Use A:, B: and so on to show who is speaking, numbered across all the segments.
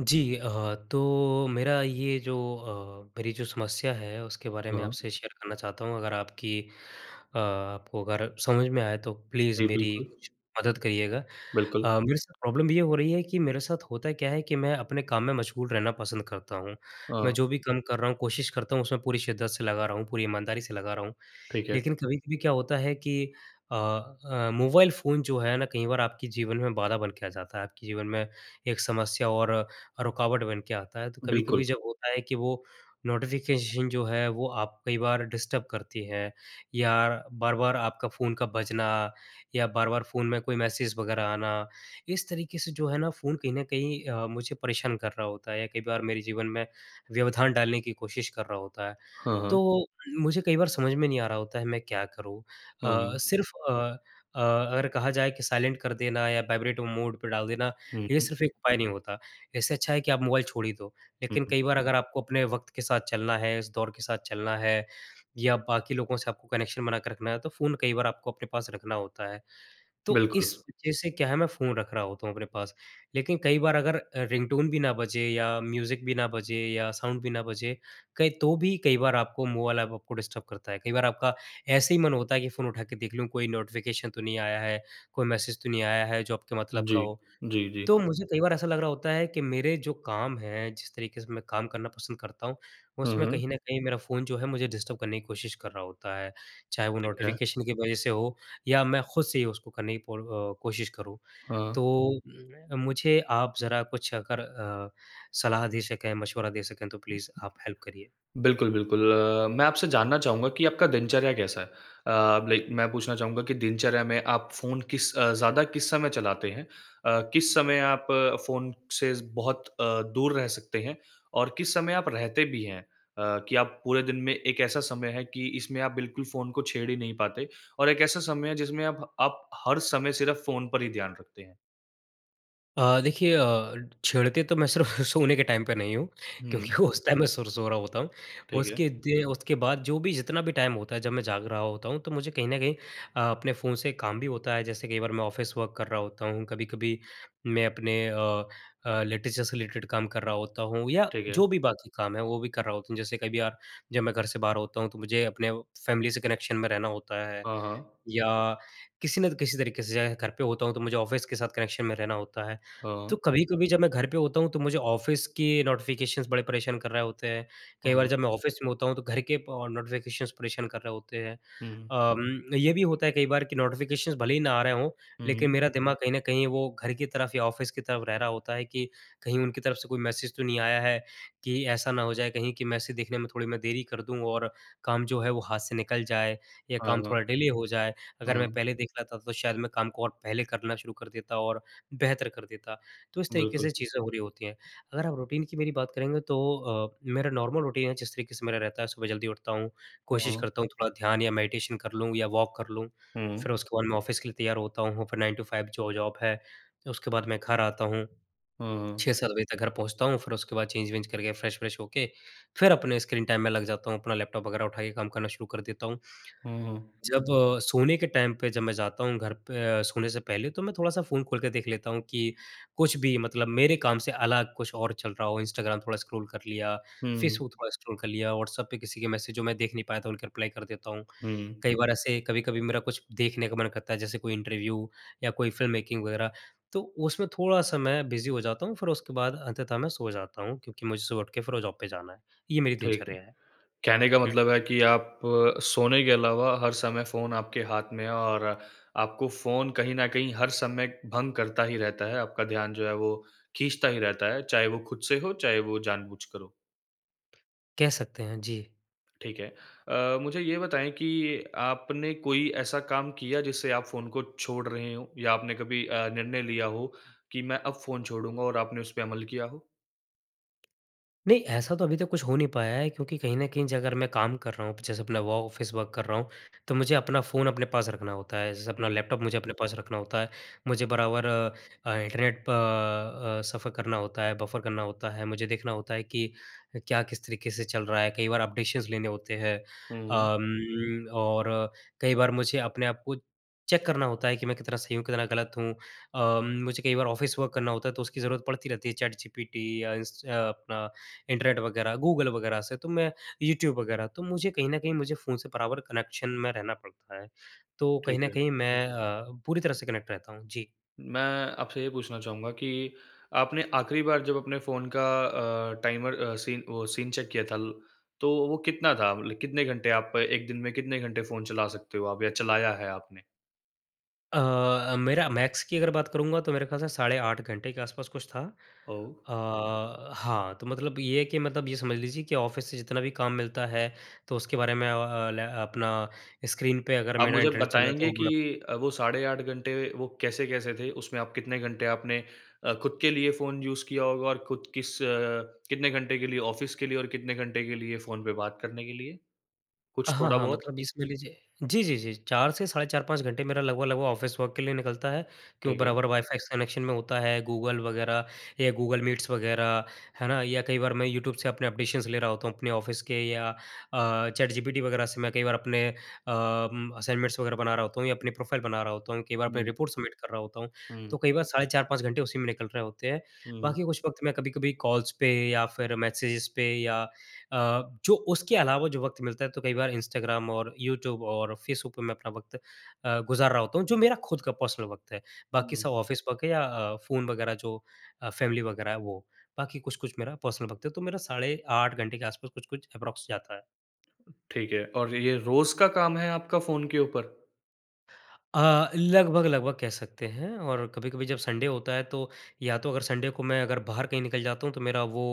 A: जी अ, तो मेरा ये जो अ, मेरी जो समस्या है, उसके बारे में
B: हाँ।
A: आपसे शेयर करना चाहता हूँ। अगर आपकी अ, आपको अगर समझ में आए तो प्लीज़
B: नहीं,
A: मेरी
B: बिल्कुल।
A: कुछ मदद करिएगा।
B: बिल्कुल।
A: अ, मेरे साथ प्रॉब्लम ये हो रही है कि मेरे साथ होता क्या है कि मैं अपने काम में मशगूल रहना पसंद करता हूँ। मैं
B: हाँ।
A: जो भी काम कर रहा हूँ, कोशिश करता हूँ उसमें पूरी शिद्दत से लगा रहा हूँ, पूरी ईमानदारी से लगा रहा हूँ।
B: ठीक है।
A: लेकिन कभी-कभी क्या होता है कि अ अ, मोबाइल फ़ोन जो है ना, कई बार आपके जीवन में बाधा बन के आ जाता है, आपके जीवन में एक समस्या और रुकावट बन के आता है। तो कभी-कभी
B: बिल्कुल।
A: जब होता है कि वो नोटिफ़िकेशन जो है वो आप कई बार डिस्टर्ब करती हैं या बार-बार आपका फ़ोन का बजना या बार-बार फ़ोन में कोई मैसेज वगैरह आना, इस तरीके से जो है ना फ़ोन कहीं न कहीं अ, मुझे परेशान कर रहा होता है या कई बार मेरे जीवन में व्यवधान डालने की कोशिश कर रहा होता है।
B: हाँ, हाँ।
A: तो मुझे कई बार समझ में नहीं आ रहा होता है मैं क्या करूँ।
B: हाँ,
A: अ,
B: हाँ।
A: सिर्फ अ अ, अगर कहा जाए कि साइलेंट कर देना या वाइब्रेट मोड पे डाल देना,
B: हुँ,
A: ये
B: हुँ।
A: सिर्फ एक उपाय नहीं होता। इससे अच्छा है कि आप मोबाइल छोड़ ही दो,
B: हुँ,
A: लेकिन
B: हुँ।
A: कई बार अगर आपको अपने वक़्त के साथ चलना है, इस दौर के साथ चलना है या बाकी लोगों से आपको कनेक्शन बना कर रखना है तो फ़ोन कई बार आपको अपने पास रखना होता है। तो इस
B: बिल्कुल।
A: वजह से क्या है, मैं फ़ोन रख रहा होता हूँ अपने पास, लेकिन कई बार अगर अ, रिंगटोन भी ना बजे या म्यूज़िक भी ना बजे या साउंड भी ना बजे, कहीं तो भी कई बार आपको मोबाइल अप आपको डिस्टर्ब करता है। कई बार आपका ऐसे ही मन होता है कि फ़ोन उठा के देख लूँ कोई नोटिफ़िकेशन तो नहीं आया है, कोई मैसेज तो नहीं आया है जो आपके मतलब का
B: जी,
A: हो।
B: जी, जी।
A: तो मुझे कई बार ऐसा लग रहा होता है कि मेरे जो काम हैं जिस तरीके से मैं काम करना पसंद करता हूँ,
B: हाँ,
A: उसमें
B: हाँ।
A: कहीं न कहीं मेरा फ़ोन जो है मुझे डिस्टर्ब करने की कोशिश कर रहा होता है। चाहे वो
B: ठीक है।
A: नोटिफ़िकेशन की वजह से हो या मैं खुद से ही उसको करने की पूर अ, कोशिश करूँ। तो
B: हाँ।
A: मैं मुझे आप ज़रा कुछ अगर अ, सलाह दे सकें, मशवरा दे सकें तो प्लीज़ आप हेल्प करिए।
B: बिल्कुल, बिल्कुल। मैं आपसे जानना चाहूँगा कि आपका दिनचर्या कैसा है? अ, लाइक मैं पूछना चाहूँगा कि दिनचर्या में आप फ़ोन किस अ, ज़्यादा किस समय चलाते हैं? अ, किस समय आप फ़ोन से ज़ बहुत अ, दूर रह सकते हैं और किस समय आप रहते भी हैं अ, कि आप पूरे दिन में एक ऐसा समय है कि इसमें आप बिल्कुल फ़ोन को छेड़ ही नहीं पाते और एक ऐसा समय है जिसमें आप आप हर समय सिर्फ फ़ोन पर ही ध्यान रखते हैं?
A: अ, देखिए अ, छेड़ते तो मैं सिर्फ़ सोने के टाइम पे नहीं हूँ, क्योंकि
B: हुँ।
A: उस टाइम मैं सुर सो रहा होता हूँ।
B: ठीक है।
A: उसके दे उसके बाद जो भी, जितना भी टाइम होता है, जब मैं जाग रहा होता हूँ तो मुझे कहीं न कहीं अ, अपने फ़ोन से काम भी होता है, जैसे कई बार मैं ऑफ़िस वर्क कर रहा होता हूँ, कभी-कभी मैं अपने अ अ, लिटरेचर से रिलेटेड काम कर रहा होता हूँ या
B: ठीक है।
A: जो भी बाकी काम है, वो भी कर रहा होता हूँ जैसे कभी अ, जब मैं घर से बाहर होता हूँ तो मुझे अपने फैमिली से कनेक्शन में रहना होता है
B: हाँ, हाँ।
A: या किसी न किसी तरीके से घर पे होता हूँ तो मुझे ऑफ़िस के साथ कनेक्शन में रहना होता है। तो
B: हाँ।
A: कभी-कभी जब मैं घर पे होता हूँ तो मुझे ऑफ़िस के नोटिफ़िकेशंस बड़े परेशान कर रहे होते हैं, कई बार
B: हाँ।
A: जब मैं ऑफ़िस में होता हूँ तो घर के अ, नोटिफ़िकेशंस परेशान कर रहे होते हैं।
B: हुँ।
A: अ उम, ये भी होता है कई बार की नोटिफ़िकेशंस भले ही ना आ रहे हों
B: हुँ,
A: लेकिन
B: हुँ।
A: मेरा दिमाग कहीं न कहीं वो घर की तरफ या ऑफ़िस की तरफ रह रहा होता है कि कहीं उनकी तरफ से कोई मैसेज तो नहीं आया है, कि ऐसा ना हो जाए कहीं कि मैसेज देखने में थोड़ी मैं देरी कर दूँ और काम जो है वो हाथ से निकल जाए या
B: हाँ,
A: काम
B: हाँ।
A: थोड़ा डिले हो जाए, अगर मैं
B: हाँ।
A: पहले देख लेता तो शायद मैं काम को पहले करना शुरू कर देता और बेहतर कर देता। तो इस तरीके
B: बिल्कुल।
A: से चीजें हो रही होती हैं, अगर आप रूटीन की मेरी बात करेंगे तो अ, मेरा नॉर्मल रूटीन है जिस तरीके से मेरा रहता है सुबह जल्दी उठता हूँ, कोशिश
B: हुँ।
A: करता हूँ थोड़ा ध्यान या मेडिटेशन कर लूँ या वॉक कर लूँ,
B: हुँ।
A: फिर उसके बाद मैं ऑफ़िस के लिए तैयार होता हूँ, फिर 9 टू 5 जो जॉब है, उसके बाद मैं घर आता हूँ
B: हुँ, हुँ।
A: 6-7 बजे तक घर पहुँचता हूँ फिर उसके बाद चेंज वेंज करके फ्रेश व्रेश होके फिर अपने स्क्रीन टाइम में लग जाता हूँ, अपना लैपटॉप वग़ैरह उठा के काम करना शुरू कर देता हूँ।
B: हुँ, हुँ।
A: जब अ, सोने के टाइम पे जब मैं जाता हूँ घर पे अ, सोने से पहले तो मैं थोड़ा-सा फ़ोन खोल के देख लेता हूँ, कि कुछ भी मतलब मेरे काम से अलग कुछ और चल रहा हो, इंस्टाग्राम थोड़ा स्क्रॉल कर लिया,
B: हुँ।
A: फेसबुक थोड़ा स्क्रॉल कर लिया, व्हाट्सऐप पे किसी के मैसेज जो मैं देख नहीं पाया था उनके रिप्लाई कर देता हूँ।
B: हुँ।
A: कई बार ऐसे कभी-कभी मेरा कुछ देखने का मन करता है, जैसे कोई इंटरव्यू या कोई फ़िल्म मेकिंग वग़ैरह तो उसमें थोड़ा-सा मैं बिजी हो जाता हूँ फिर उसके बाद अंततः मैं सो जाता हूँ, क्योंकि मुझे सुबह उठ के फिर वो जॉब पे जाना है। ये मेरी
B: ठीक है।
A: दिनचर्या है।
B: कहने का
A: हुँ।
B: मतलब है कि आप अ, सोने के अलावा हर समय फ़ोन आपके हाथ में है और आपको फ़ोन कहीं न कहीं हर समय भंग करता ही रहता है आपका ध्यान जो है, वो खींचता ही रहता है चाहे वो खुद से हो, चाहे वो जानबूझकर हो।
A: कह सकते हैं, जी।
B: ठीक है। अ, मुझे ये बताएँ कि आपने कोई ऐसा काम किया जिससे आप फ़ोन को छोड़ रहे हों या आपने कभी अ, निर्णय लिया हो, कि मैं अब फ़ोन छोड़ूँगा और आपने उसपे अमल किया हो?
A: नहीं ऐसा तो अभी तक कुछ हो नहीं पाया है, क्योंकि कहीं न कहीं ज अगर मैं काम कर रहा हूँ, प जैसे अपना व ऑफिस वर्क कर रहा हूँ, तो मुझे अपना फ़ोन अपने पास रखना होता है, जैसे अपना
B: हुँ।
A: लैपटॉप मुझे अपने पास रखना होता है। मुझे बराबर अ, इंटरनेट प अ, सफर करना होता है, बफर करना होता है, मुझे देखना होता है कि अ, क्या किस तरीके से चल रहा है, कई बार अपडेशंस लेने होते हैं।
B: हुँ।
A: अम, और कई बार मुझे अपने आप को चेक करना होता है कि मैं कितना सही हूँ, कितना गलत हूँ अम, मुझे कई बार ऑफिस वर्क करना होता है, तो उसकी ज़रूरत पड़ती रहती है चैट जीपीटी या इस अ, अपना इंटरनेट वगैरह गूगल वगैरह से, तो मैं यूट्यूब वगैरह, तो मुझे कहीं न कहीं मुझे फ़ोन से बराबर कनेक्शन में रहना पड़ता है। तो कहीं
B: ठीक
A: न
B: है।
A: कहीं मैं अ, पूरी तरह से कनेक्ट रहता हूँ। जी।
B: मैं आपसे ये पूछना चाहूँगा कि आपने आखिरी बार जब अपने फ़ोन का अ, टाइमर अ, सीन वो सीन चेक किया था ल तो वो कितना था? मतलब कितने घंटे आप 1 दिन में कितने घंटे फ़ोन चला सकते हो आप या चलाया है आपने?
A: अ अ, मेरा मैक्स की अगर बात करूँगा तो मेरे ख़याल से साढ़े 8 घंटे के आस-पास कुछ था।
B: ओह!
A: अ, हाँ, तो मतलब ये है कि मतलब ये समझ लीजिए कि ऑफिस से जितना भी काम मिलता है, तो उसके बारे में अ अ, लै अपना स्क्रीन पे अगर
B: आप
A: मेरा
B: मुझे
A: इंटरनेट चल रहा है
B: बताएँगे
A: तो
B: कि
A: मैं
B: अ, वो साढ़े 8 घंटे वो कैसे-कैसे थे, उसमें आप कितने घंटे आपने अ, खुद के लिए फ़ोन यूज़ किया होगा और खुद किस कितने घंटे के लिए ऑफ़िस के लिए? और कितने घंटे के लिए फ़ोन पे बात करने के लिए, कुछ
A: हाँ, हाँ
B: थोड़ा-बहुत?
A: मतलब इसमें लीजिए जी, जी, जी, जी, 4 से साढ़े 4-5 घंटे मेरा लगभग-लगभग ऑफिस वर्क के लिए निकलता है, क्यों
B: ठीक है।
A: बराबर वाईफ़ाई से कनेक्शन में होता है। गूगल वगैरह या गूगल मीट्स वगैरह है ना, या कई बार मैं यू ट्यूब से अपने एप्रिशिएशन्स ले रहा होता हूँ, अपने ऑफिस के या अ, चैटजीपीटी वगैरह से मैं कई बार अपने अ, असाइनमेंट्स वगैरह बना रहा होता हूँ या अपनी प्रोफाइल बना रहा होता हूँ। कई बार अपने
B: हुँ।
A: रिपोर्ट्स सबमिट कर रहा होता हूँ,
B: हुँ।
A: तो कई बार साढ़े 4-5 घंटे उसी में निकल रहे होते हैं।
B: हुँ।
A: बाकी कुछ वक़्त मैं कभी-कभी कॉल्स पे या फिर मैसेजेस पे या अ, जो उसके अलावा जो वक़्त मिलता है तो कई बार इंस्टाग्राम और यू ट्यूब और फेसबुक पे मैं अपना वक़्त अ, गुज़ार रहा होता हूँ, जो मेरा खुद का पर्सनल वक़्त है। बाकी
B: हुँ।
A: सब ऑफिस वर्क है या अ, फ़ोन वगैरह जो अ, फ़ैमिली वगैरह है वो। बाकी कुछ-कुछ मेरा पर्सनल वक़्त है, तो मेरा साढ़े 8 घंटे के आस-पास कुछ-कुछ अप्रॉक्स जाता है।
B: ठीक है, और ये रोज़ का काम है आपका फ़ोन के ऊपर?
A: अ, लगभग-लगभग कह सकते हैं और कभी-कभी जब संडे होता है तो या तो अगर संडे को मैं अगर बाहर कहीं निकल जाता हूँ तो मेरा वो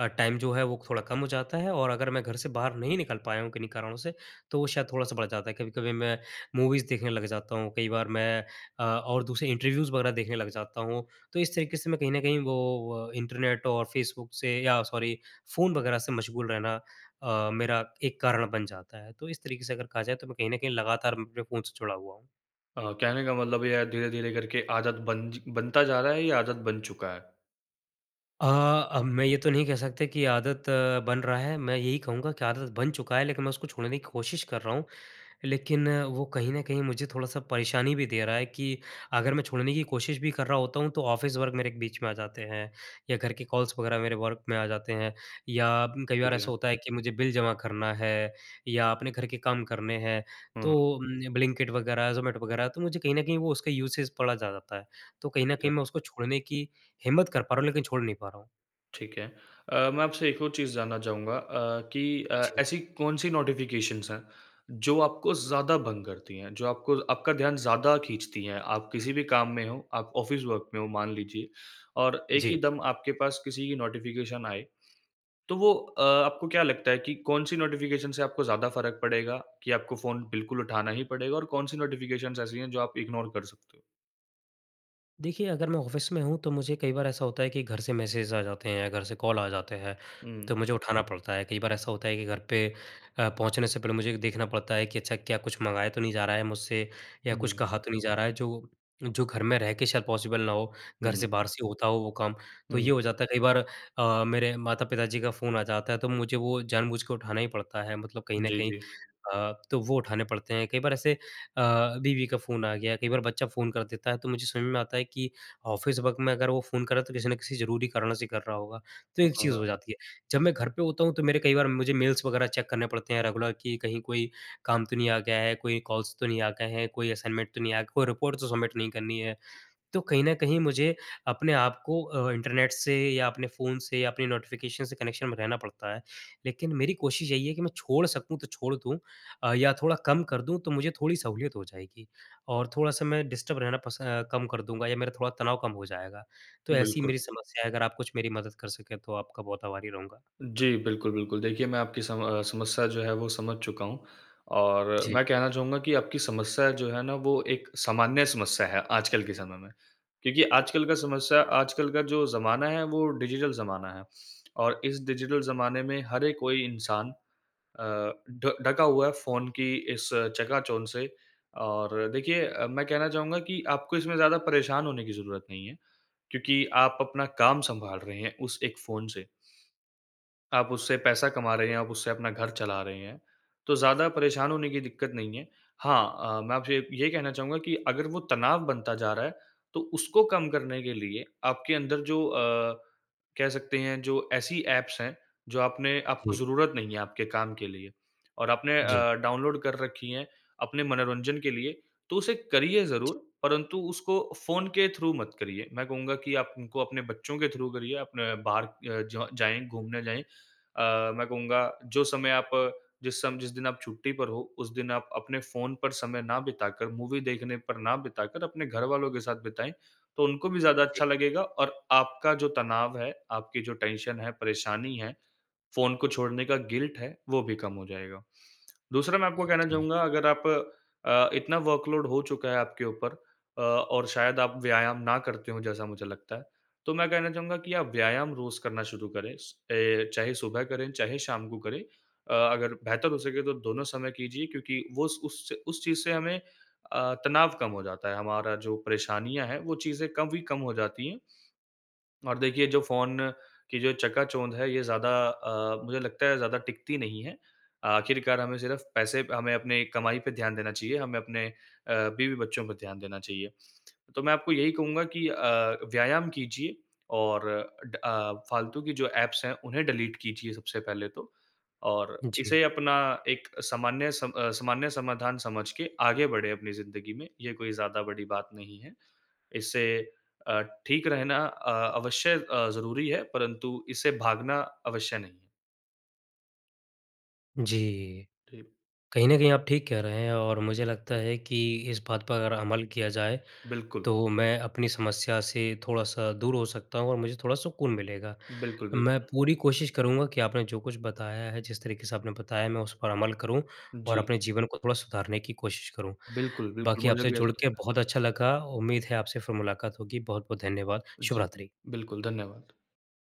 A: अ, टाइम जो है वो थोड़ा कम हो जाता है और अगर मैं घर से बाहर नहीं निकल पाया हूँ किन्हीं कारणों से, तो वो शायद थोड़ा-सा बढ़ जाता है। कभी-कभी मैं मूवीज़ देखने लग जाता हूँ, कई बार मैं अ, और दूसरे इंटरव्यूज़ वरग़ैह देखने लग जाता हूँ। तो इस तरीके से मैं कहीं न कहीं वो अ, इंटरनेट और फेसबुक से या सॉरी फ़ोन वरग़ैह से मशगूल रहना अ, मेरा एक कारण बन जाता है। तो इस तरीके से अगर कहा जाए तो मैं कहीं न कहीं लगातार मैं अपने फ़ोन से जुड़ा हुआ हूँ।
B: अ, कहने का मतलब ये है धीरे-धीरे करके आदत बन ज बनता जा रहा है या आदत बन चुका है?
A: अ, अब मैं ये तो नहीं कह सकता कि ये आदत बन रहा है, मैं यही कहूँगा कि आदत बन चुका है लेकिन मैं उसको छोड़ने की कोशिश कर रहा हूँ। लेकिन वो कहीं न कहीं मुझे थोड़ा-सा परेशानी भी दे रहा है कि अगर मैं छोड़ने की कोशिश भी कर रहा होता हूँ, तो ऑफ़िस वर्क मेरे बीच में आ जाते हैं या घर के कॉल्स वरग़ैह मेरे वर्क में आ जाते हैं या म कई बार
B: ठीक है।
A: ऐसा होता है कि मुझे बिल जमा करना है या अपने घर के काम करने हैं उम,
B: हुँ।
A: तो ब्लिंकेट वरग़ैह, ज़ोमेटो वरग़ैह तो मुझे कहीं न कहीं वो उसका यूसेज पड़ा जा जाता है। तो कहीं न
B: ठीक है।
A: कहीं मैं उसको छोड़ने की हिम्मत कर पा रहा हूँ लेकिन छोड़ नहीं पा रहा हूँ।
B: ठीक है। अ, मैं आपसे एक और चीज़ जानना चाहूँगा अ, कि अ,
A: जी।
B: ऐसी कौन-सी नोटिफ़िकेशंस हैं, जो आपको ज़्यादा भंग करती हैं, जो आपको आपका ध्यान ज़्यादा खींचती हैं। आप किसी भी काम में हो, आप ऑफ़िस वर्क में हो मान लीजिए और एक ही
A: जी।
B: दम आपके पास किसी की नोटिफ़िकेशन आए, तो वो अ, आपको क्या लगता है कि कौन-सी नोटिफिकेशन से आपको ज़्यादा फ़र्क पड़ेगा? कि आपको फ़ोन बिल्कुल उठाना ही पड़ेगा और कौन-सी नोटिफ़िकेशंस ऐसी हैं, जो आप इग्नोर कर सकते हो?
A: देखिए, अगर मैं ऑफिस में हूँ तो मुझे कई बार ऐसा होता है कि घर से मैसेज आ जाते हैं, घर से कॉल आ जाते हैं, तो
B: हुँ।
A: मुझे उठाना पड़ता है। कई बार ऐसा होता है कि घर पे अ, पहुँचने से पहले मुझे देखना पड़ता है कि अच्छा क्या कुछ मँगाया तो नहीं जा रहा है मुझसे
B: उ,
A: या कुछ
B: हुँ।
A: कहा तो नहीं जा रहा है? जो जो घर में रह के शायद पॉसिबल ना हो, घर
B: हुँ।
A: से बाहर से होता हो वो काम। तो
B: हुँ।
A: ये हो जाता है कई बार अ, मेरे माता-पिता जी का फ़ोन आ जाता है तो मुझे वो जानबूझ के उठाना ही पड़ता है, मतलब कहीं न
B: जी,
A: कहीं
B: जी।
A: अ, तो वो उठाने पड़ते हैं, कई बार ऐसे अ, बीवी का फ़ोन आ गया, कई बार बच्चा फ़ोन कर देता है, तो मुझे समझ में आता है कि ऑफ़िस वर्क में अगर वो फ़ोन करे तो किसी न किसी ज़रूरी कारण से कर रहा होगा, तो
B: अ,
A: एक चीज़
B: हाँ।
A: हो जाती है। जब मैं घर पे होता हूँ तो मेरे कई बार मुझे मेल्स वगैरह चेक करने पड़ते हैं रेगुलर कि कहीं कोई काम तो नहीं आ गया है, कोई कॉल्स तो नहीं आ गए हैं, कोई असाइनमेंट तो नहीं आया, कोई रिपोर्ट तो सबमिट नहीं करनी है। तो कहीं न कहीं मुझे अपने आपको अ, इंटरनेट से या अपने फ़ोन से या अपने नोटिफिकेशन से कनेक्शन में रहना पड़ता है। लेकिन मेरी कोशिश यही है कि मैं छोड़ सकूँ तो छोड़ दूँ अ, या थोड़ा कम कर दूँ तो मुझे थोड़ी सहूलियत हो जाएगी, और थोड़ा-सा मैं डिस्टर्ब रहना पस अ, कम कर दूँगा या मेरा थोड़ा तनाव कम हो जाएगा। तो ऐसी
B: बिल्कुल।
A: मेरी समस्या है अगर आप कुछ मेरी मदद कर सकें तो आपका बहुत आभारी रहूँगा।
B: जी, बिल्कुल, बिल्कुल देखिए मैं आपकी सम अ, समस्या जो है वो समझ चुका हूँ। और
A: जी।
B: मैं कहना चाहूँगा कि आपकी समस्या जो है ना, वो एक सामान्य समस्या है आजकल के समय में। क्योंकि आजकल का समस्या आजकल का जो ज़माना है, वो डिजिटल ज़माना है। और इस डिजिटल ज़माने में हर एक कोई इंसान अ, ढ ढका हुआ है फ़ोन की इस चकाचौंध से। और देखिए अ, मैं कहना चाहूँगा कि आपको इसमें ज़्यादा परेशान होने की ज़रूरत नहीं है, क्योंकि आप अपना काम सँभाल रहे हैं उस एक फ़ोन से आप उससे पैसा कमा रहे हैं, आप उससे अपना घर चला रहे हैं, तो ज़्यादा परेशान होने की दिक्कत नहीं है। हाँ अ, मैं आपसे ये कहना चाहूँगा कि अगर वो तनाव बनता जा रहा है, तो उसको कम करने के लिए आपके अंदर जो अ, कह सकते हैं, जो ऐसी ऐप्स हैं, जो आपने आपको
A: जी।
B: ज़रूरत नहीं है आपके काम के लिए और आपने
A: जी।
B: अ, डाउनलोड कर रखी हैं, अपने मनोरंजन के लिए, तो उसे करिए
A: जी।
B: ज़रूर परन्तु उसको फ़ोन के थ्रू मत करिए। मैं कहूँगा कि आप उनको अपने बच्चों के थ्रू करिए, अपने बाहर अ, जाएँ घूमने जाएँ अ, मैं कहूँगा जो समय आप जिस सम जिस दिन आप छुट्टी पर हो, उस दिन आप अपने फ़ोन पर समय ना बिताकर, मूवी देखने पर ना बिताकर अपने घरवालों के साथ बिताएँ, तो उनको भी ज़्यादा
A: जी।
B: अच्छा लगेगा। और आपका जो तनाव है, आपकी जो टेंशन है, परेशानी है, फ़ोन को छोड़ने का गिल्ट है, वो भी कम हो जाएगा। दूसरा मैं आपको कहना
A: ओके।
B: चाहूँगा अगर आप अ, इतना वर्क लोड हो चुका है आपके ऊपर अ, और शायद आप व्यायाम ना करते हों जैसा मुझे लगता है, तो मैं कहना चाहूँगा कि आप व्यायाम रोज़ करना शुरू करें स अ, चाहे सुबह करें, चाहे शाम को करें। अ, अगर बेहतर हो सके तो दोनों समय कीजिए क्योंकि वो स उससे उस चीज़ से हमें अ, तनाव कम हो जाता है, हमारा जो परेशानियाँ हैं, वो चीज़ें कम ही कम हो जाती है। और देखिए, जो फ़ोन की जो चकाचौंध है ये ज़्यादा अ, मुझे लगता है ज़्यादा टिकती नहीं है। आखिरकार हमें सिर्फ़ पैसे प हमें अपनी कमाई पे ध्यान देना चाहिए, हमें अपने अ, बीवी-बच्चों पे ध्यान देना चाहिए। तो मैं आपको यही कहूँगा कि अ, व्यायाम कीजिए और अ, ड अ, फालतू की जो ऐप्स हैं, उन्हें डिलीट कीजिए सबसे पहले तो। और
A: जी।
B: इसे अपना एक सामान्य सम अ, सामान्य समाधान समझ के आगे बढ़े अपनी ज़िंदगी में, ये कोई ज़्यादा बड़ी बात नहीं है। इससे अ, ठीक रहना अ, अवश्य अ, ज़रूरी है, परंतु इससे भागना अवश्य नहीं है।
A: जी।
B: ठीक।
A: कहीं न कहीं आप ठीक कह रहे हैं और मुझे लगता है कि इस बात पर अगर अमल किया जाए,
B: बिल्कुल।
A: तो मैं अपनी समस्या से थोड़ा-सा दूर हो सकता हूँ और मुझे थोड़ा सुकून मिलेगा।
B: बिल्कुल,
A: मैं
B: बिल्कुल।
A: पूरी कोशिश करूँगा कि आपने जो कुछ बताया है, जिस तरीके से आपने बताया है मैं उस पर अमल करूँ और
B: जी।
A: अपने जीवन को थोड़ा सुधारने की कोशिश करूँ।
B: बिल्कुल, बिल्कुल
A: बाकी
B: मुझे
A: आपसे
B: भी
A: जुड़
B: ऐसा
A: के
B: लगता है।
A: बहुत अच्छा लगा, उम्मीद है आपसे फिर मुलाकात होगी, बहुत-बहुत धन्यवाद।
B: जी।
A: शुभरात्रि।
B: बिल्कुल, धन्यवाद।